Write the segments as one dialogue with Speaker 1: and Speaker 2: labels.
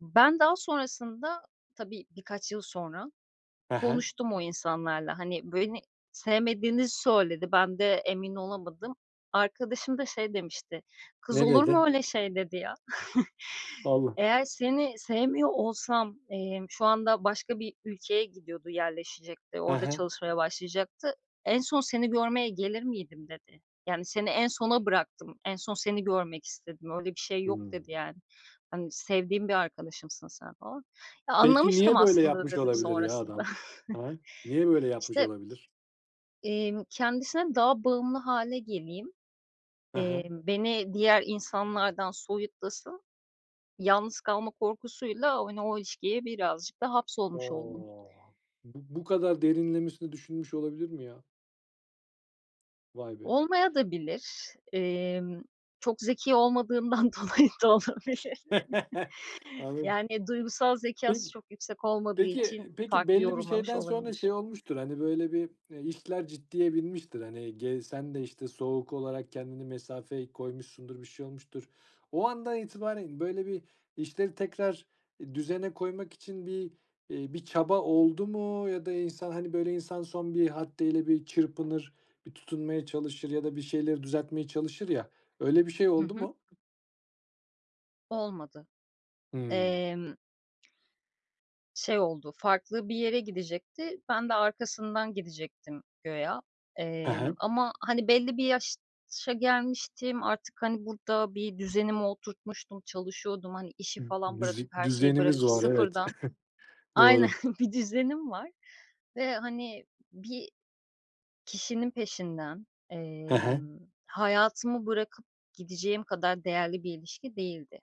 Speaker 1: Ben daha sonrasında, tabii, birkaç yıl sonra,
Speaker 2: He he.
Speaker 1: konuştum o insanlarla. Hani, beni sevmediğini söyledi, ben de emin olamadım. Arkadaşım da şey demişti, "Kız
Speaker 2: Ne
Speaker 1: olur
Speaker 2: dedi?
Speaker 1: mu öyle şey?"dedi ya.
Speaker 2: [unintelligible]
Speaker 1: "Eğer seni sevmiyor olsam," emm, şu anda başka bir ülkeye gidiyordu yerleşecekti,
Speaker 2: He
Speaker 1: orada
Speaker 2: he.
Speaker 1: çalışmaya başlayacaktı, "en son seni görmeye gelir miydim?" dedi. "Yani, seni en sona bıraktım, en son seni görmek istedim, öyle bir şey yok." dedi,
Speaker 2: Hımm.
Speaker 1: yani. Hani, "Sevdiğim bir arkadaşımsın sen." falan. "Ya
Speaker 2: Peki,
Speaker 1: anlamıştım
Speaker 2: niye böyle
Speaker 1: aslında da"
Speaker 2: yapmış
Speaker 1: dedim
Speaker 2: olabilir ya
Speaker 1: sonrasında.
Speaker 2: adam? He. Niye böyle yapmış
Speaker 1: İşte
Speaker 2: olabilir?
Speaker 1: İmm, kendisine daha bağımlı hâle geleyim,
Speaker 2: He he.
Speaker 1: emm, beni diğer insanlardan soyutlasın, yalnız kalma korkusuyla, hani, o ilişkiye birazcık da hapsolmuş oldum.
Speaker 2: O! Bu bu kadar derinlemesine düşünmüş olabilir mi ya? Vay be.
Speaker 1: Olmayabilir de. Emm, çok zeki olmadığından dolayı da olabilir.
Speaker 2: Anladım.
Speaker 1: Yani, duygusal zekâsı
Speaker 2: Peki.
Speaker 1: çok yüksek olmadığı
Speaker 2: Peki
Speaker 1: için
Speaker 2: peki
Speaker 1: farklı
Speaker 2: belli bir
Speaker 1: yorumlamış
Speaker 2: şeyden sonra
Speaker 1: olabilir.
Speaker 2: şey olmuştur, hani, böyle, bir, eee, işler ciddiye binmiştir. Hani, gey sen de, işte, soğuk olarak kendini mesafeyi koymuşsundur, bir şey olmuştur. O andan itibaren böyle bir işleri tekrar, eee, düzene koymak için bir, iii, bir çaba oldu mu ya da insan, hani, böyle, insan son bir haddeyle bir çırpınır, bir tutunmaya çalışır ya da bir şeyleri düzeltmeye çalışır ya öyle bir şey
Speaker 1: Hı
Speaker 2: oldu
Speaker 1: hı.
Speaker 2: mu?
Speaker 1: Olmadı.
Speaker 2: Hımm.
Speaker 1: Emm şey oldu, farklı bir yere gidecekti, ben de arkasından gidecektim güya
Speaker 2: He
Speaker 1: emm,
Speaker 2: he.
Speaker 1: ama, hani, belli bir yaşa gelmiştim, artık, hani, burada bir düzenimi oturtmuştum, çalışıyordum, hani, işi
Speaker 2: M
Speaker 1: falan bırakıp,
Speaker 2: müzik
Speaker 1: her şeyi
Speaker 2: düzenimiz
Speaker 1: bırakıp
Speaker 2: var, evet.
Speaker 1: sıfırdan Aynen.
Speaker 2: Doğru.
Speaker 1: Bir düzenim var ve, hani, bir kişinin peşinden,
Speaker 2: He he.
Speaker 1: emm, hayatımı bırakıp gideceğim kadar değerli bir ilişki değildi.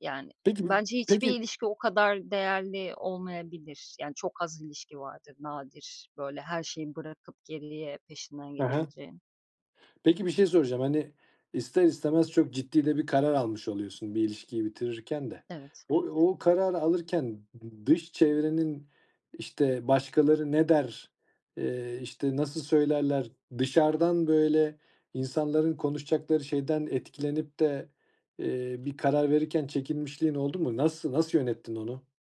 Speaker 1: Yani,
Speaker 2: Peki, b
Speaker 1: bence hiçbir
Speaker 2: peki
Speaker 1: ilişki o kadar değerli olmayabilir. Yani, çok az ilişki vardır nadir, böyle, her şeyi bırakıp geriye peşinden
Speaker 2: He he.
Speaker 1: gidebileceğin.
Speaker 2: Peki, bir şey soracağım, hani, ister istemez çok ciddi de bir karar almış oluyorsun. Bir ilişkiyi bitirirken de
Speaker 1: Evet.
Speaker 2: o o kararı alırken d dış çevrenin, işte, başkaları ne der, eee, işte, nasıl söylerler? Dışarıdan, böyle, insanların konuşacakları şeyden etkilenip de, eee, bir karar verirken çekinmişliğin oldu mu? Nası nasıl yönettin onu?